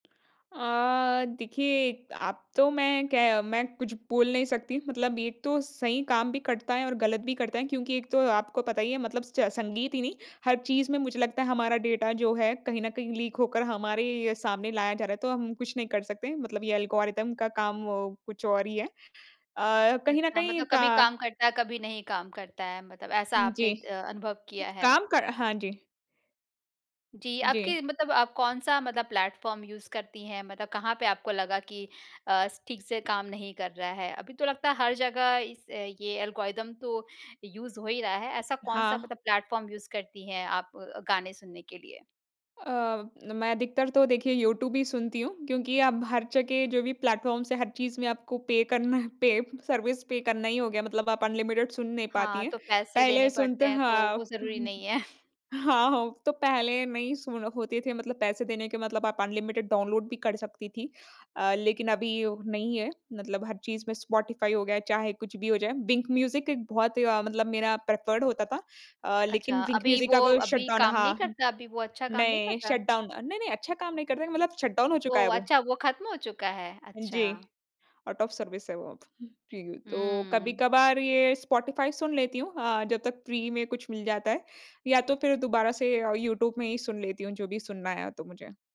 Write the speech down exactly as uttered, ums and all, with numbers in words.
अ, देखिए अब तो मैं क्य मैं कुछ बोल नहीं सकती, मतलब एक तो सही काम भी करता है और गलत भी करता है क्योंकि एक तो आपको पता ही है मतलब स्च संगीत ही नहीं। हर चीज़ में मुझे लगता है हमारा डाटा जो है कहीं न कहीं लीक होकर हमारे ही सामने लाया जा रहा है तो हम कुछ नहीं कर सकते। मतलब ये एल्गोरिदम का काम कुछ और ही है। अ, कहीं न अच्छा कहीं मतलब कभी का काम करता है, कभी नहीं काम करता है? मतलब ऐसा आपने जी, अ, अनुभव किया है। काम कर हाँ जी। जी, आपके जी। मतलब आप कौन-सा मतलब प्लेटफॉर्म यूज़ करती हैं? मतलब कहाँ पे आपको लगा कि अ, ठीक से काम नहीं कर रहा है? अभी तो लगता है हर जगह इस ये एल्गोरिदम तो यूज़ हो ही रहा है। ऐसा कौन-सा हाँ। मतलब प्लेटफ़ॉर्म यूज़ करती हैं आप गाने सुनने के लिए। अ, मैं अधिकतर तो देखिए यूट्यूब ही सुनती हूँ, क्योंकि अब हर जगह जो भी प्लेटफ़ॉर्म्स हैं हर चीज़ में आपको पे करना है पे सर्विस पे करना ही हो गया मतलब आप अनलिमिटेड सुन नहीं पाती हाँ, हैं। तो पैसे देने पहले पड़ते सुनते हैं तो वो हाँ, ज़रूरी नहीं [unintelligible] है। हाँ, हो तो पहले नहीं सु होते थे मतलब पैसे देने के मतलब आप अनलिमिटेड डाउनलोड भी कर सकती थी अ, लेकिन अभी नहीं है, मतलब हर चीज़ में स्पॉटिफाई हो गया चाहे कुछ भी हो जाए। विंक म्यूजिक एक बहुत अ, मतलब मेरा प्रिफर्ड होता था अ, लेकिन अच्छा, विंक अभी म्यूजिक वो अब शट अभी डाउन काम नहीं हाँ। करता? अभी वो अच्छा काम नहीं नहीं करता? शट डाउन अ नहीं, नहीं, अच्छा काम नहीं करते थे मतलब शट डाउन हो चुका है ओह, वो। अच्छा वो ख़त्म हो चुका है? जी, अच्छा। आउट ऑफ सर्विस है वो। जी, तो हुँ। कभी-कभार ये स्पॉटिफाई सुन लेती हूँ अ, जब तक फ़्री में कुछ मिल जाता है, या तो फिर दोबारा से अ, यूट्यूब में ही सुन लेती हूँ जो भी सुनना है तो मुझे।